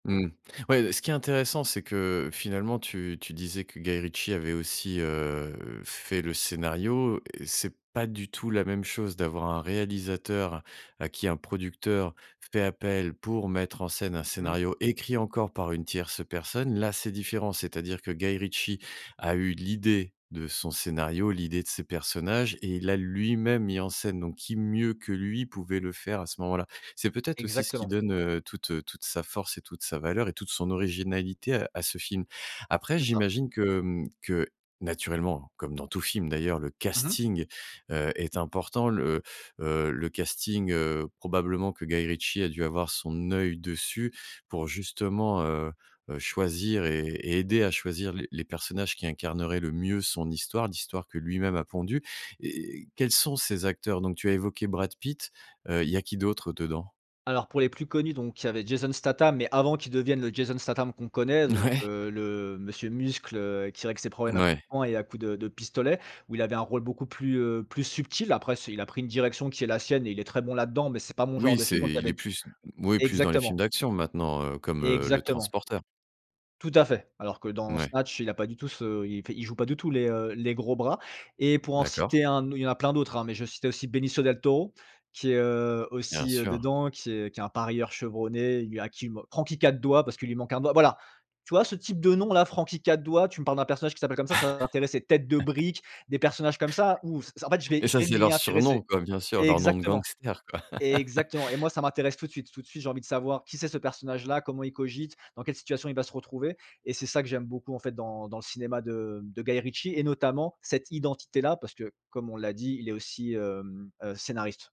Mmh. Ouais, beh, ce qui est intéressant c'est que finalement tu tu disais que Guy Ritchie avait aussi, heu, heu, fait le scénario et c'est pas du tout la même chose d'avoir un réalisateur à qui un producteur fait appel pour mettre en scène un Mmh. scénario, écrit encore par une tierce personne. Là c'est différent, c'est-à-dire que Guy Ritchie a eu l'idée de son scénario, l'idée de ses personnages et il l'a lui-même mis en scène donc qui mieux que lui pouvait le faire à ce moment-là? C'est peut-être aussi ce qui Exactement. donne, heu, toute, heu, toute sa force et toute sa valeur et toute son originalité à à ce film. Après C'est ça. j'imagine que, hem, que naturellement, comme dans tout film d'ailleurs le Mmh mh. casting, heu, est important. Le, heu, le casting, heu, probablement que Guy Ritchie a dû avoir son œil dessus, pour justement, heu, heu, choisir et et aider à choisir les les personnages qui incarneraient le mieux son histoire, l'histoire que lui-même a pondue. Et et quels sont ces acteurs donc? Tu as évoqué Brad Pitt, heu, il y a qui d'autre dedans? Alors, pour les plus connus donc il y avait Jason Statham mais, avant qu'il devienne le Jason Statham qu'on connaît. Donc, Ouais. heu, le Monsieur Muscle, heu, qui règle ses problèmes à coups Ouais. de poing et à coups de de pistolet où il avait un rôle beaucoup plus, heu, plus subtil. Après c'est il a pris une direction qui est la sienne et il est très bon là-dedans mais c'est pas mon genre Oui, de c'est film donc il y il avait est d plus oui plus dans les films exactement. d'action maintenant, heu, comme, heu, Le Exactement. Transporteur. Tout à fait. Alors que dans Mouais. Snatch il a pas du tout ce il fait il joue pas du tout les, heu, les gros bras. Et pour en D'accord. citer un au il y en a plein d'autres, hein, mais je vais citer aussi Benicio Del Toro, qui est, heu, Bien aussi, heu, sûr. dedans qui est qui est un parieur chevronné et lui à qui il man Franky 4 Doigts, parce qu'il lui manque un doigt. Voilà. Tu vois ce type de nom là Franky 4 Doigts, tu me parles d'un personnage qui s'appelle comme ça, ça va m'intéresser. Tête de brique, des personnages comme ça, ouh! S en fait je vais Et je ça vais c'est m'y leurs surnoms, intéresser. quoi, bien sûr leurs noms de Exactement, gangsters quoi. exactement et moi ça m'intéresse tout de suite. Tout de suite, j'ai envie de savoir qui c'est ce personnage-là? Comment il cogite? Dans quelle situation il va se retrouver? Et c'est ça que j'aime beaucoup, en fait, dans dans le cinéma de, hem, de Guy Ritchie et notamment, cette identité-là, parce que, comme on l'a dit il est aussi, hem, heu, scénariste.